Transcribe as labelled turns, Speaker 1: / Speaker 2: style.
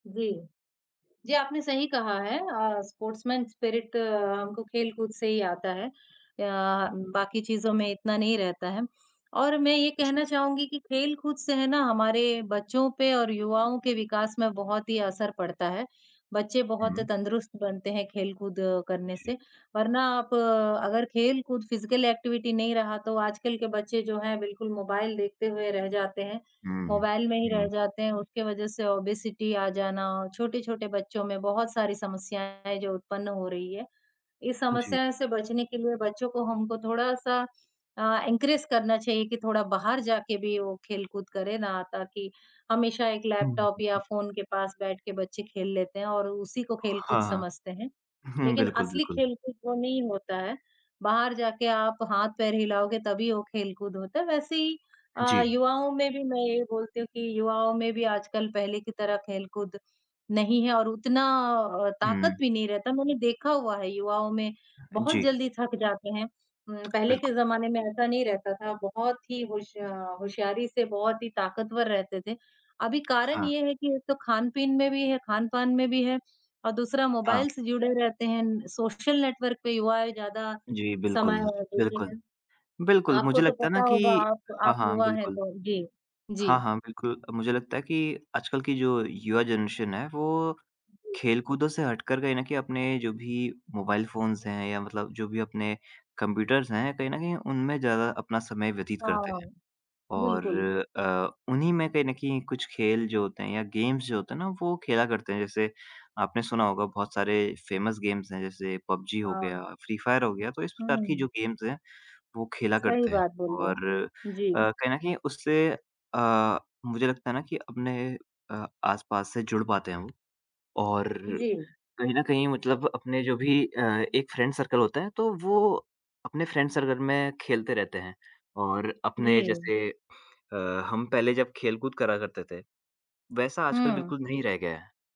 Speaker 1: जी। जी, आपने सही कहा है। अ, स्पोर्ट्समैन स्पिरिट हमको खेलकूद से ही आता है अ, बाक़ी चीज़ों में इतना नहीं रहता है और मैं ये
Speaker 2: जी।
Speaker 1: कहना चाहूँगी कि खेलकूद से है ना हमारे बच्चों पे और युवाओं के विकास में बहुत ही असर पड़ता है। बच्चे बहुत
Speaker 2: हुँ।
Speaker 1: तंदुरुस्त बनते हैं, खेलकूद करने
Speaker 2: जी।
Speaker 1: से। वरना आप अगर खेलकूद फ़िज़िकल एक्टिविटी नहीं रहा तो आजकल के बच्चे जो हैं बिल्कुल मोबाइल देखते हुए रह जाते हैं।
Speaker 2: हुँ,
Speaker 1: मोबाइल में ही रह
Speaker 2: हुँ।
Speaker 1: जाते हैं उसके वजह से ओबेसिटी आ जाना और छोटे-छोटे बच्चों में बहुत सारी समस्याएँ हैं, जो उत्पन्न हो रही हैं। इस
Speaker 2: जी।
Speaker 1: समस्याओं से बचने के लिए बच्चों को हमको थोड़ा-सा अ, एनकरेज करना चाहिए कि थोड़ा बाहर जाके भी वो खेलकूद करें ना ताकि हमेशा एक
Speaker 2: हुँ
Speaker 1: लैपटॉप या फ़ोन के पास बैठकर बच्चे खेल लेते हैं और उसी को खेलकूद
Speaker 2: हाँ, हाँ।
Speaker 1: समझते हैं।
Speaker 2: हुँ,
Speaker 1: लेकिन
Speaker 2: बिल्कुल,
Speaker 1: असली
Speaker 2: बिल्कुल।
Speaker 1: खेलकूद वो नहीं होता है, बाहर जाके आप हाथ-पैर हिलाओगे तभी वो खेलकूद होता है। वैसे ही अ,
Speaker 2: जी।
Speaker 1: युवाओं में भी मैं ये बोलती हूँ कि युवाओं में भी आजकल पहले की तरह खेलकूद नहीं है और उतना अ, ताक़त
Speaker 2: हुँ।
Speaker 1: भी नहीं रहता है। मैंने देखा हुआ है युवाओं में,
Speaker 2: अ,
Speaker 1: बहुत
Speaker 2: जी।
Speaker 1: जल्दी थक जाते हैं। उम, पहले के
Speaker 2: बिल्कुल।
Speaker 1: ज़माने में ऐसा नहीं रहता था। बहुत ही होश अ, होशियारी से बहुत ही ताक़तवर रहते थे। अभी कारण
Speaker 2: हाँ।
Speaker 1: ये है कि एक तो खान-पीन में भी है खान-पान में भी है और दूसरा
Speaker 2: हाँ।
Speaker 1: मोबाइल से जुड़े रहते हैं, सोशल नेटवर्क पे युवाएँ ज़्यादा
Speaker 2: जी
Speaker 1: समय
Speaker 2: बिल्कुल,
Speaker 1: अ, देते
Speaker 2: बिल्कुल,
Speaker 1: हैं।
Speaker 2: बिल्कुल
Speaker 1: आपको
Speaker 2: मुझे
Speaker 1: तो
Speaker 2: लगता है ना
Speaker 1: पता होगा,
Speaker 2: कि
Speaker 1: आप
Speaker 2: हाँ,
Speaker 1: आप
Speaker 2: हाँ
Speaker 1: युवा हैं
Speaker 2: बिल्कुल।
Speaker 1: तो। जी,
Speaker 2: हाँ,
Speaker 1: जी।
Speaker 2: हाँ बिल्कुल मुझे लगता है कि आजकल की जो युवा जनरेशन है वो
Speaker 1: जी।
Speaker 2: खेलकूदों से हटकर कहीं न कहीं अपने जो भी मोबाइल फ़ोन्स हैं या मतलब जो भी अपने कंप्यूटर्स हैं, कहीं न कहीं उनमें ज़्यादा अपना समय व्यतीत करते
Speaker 1: हाँ।
Speaker 2: हैं और
Speaker 1: बिल्कुल।
Speaker 2: अ, उन्हीं में कहीं न कहीं कुछ खेल जो होते हैं या गेम्स जो होते हैं ना वो खेला करते हैं। जैसे आपने सुना होगा बहुत सारे फ़ेमस गेम्स हैं जैसे पबजी हो
Speaker 1: हाँ।
Speaker 2: गया, फ़्री फ़ायर हो गया, तो इस प्रकार की जो
Speaker 1: हुँ।
Speaker 2: गेम्स हैं वो खेला
Speaker 1: सही
Speaker 2: करते हैं
Speaker 1: बात बोली रहे
Speaker 2: और अ,
Speaker 1: हैं। जी।
Speaker 2: कहीं न कहीं उससे अ, मुझे लगता है ना कि अपने अ, आस-पास से जुड़ पाते हैं वो। और
Speaker 1: जी।
Speaker 2: कहीं न कहीं मतलब अपने जो भी अ, एक फ़्रेंड सर्कल होता है तो वो अपने फ़्रेंड सर्कल में खेलते रहते हैं और अपने
Speaker 1: जी।
Speaker 2: जैसे अ, हम पहले जब खेलकूद करा करते थे, वैसा आजकल
Speaker 1: हुँ।
Speaker 2: बिल्कुल नहीं रह गया है।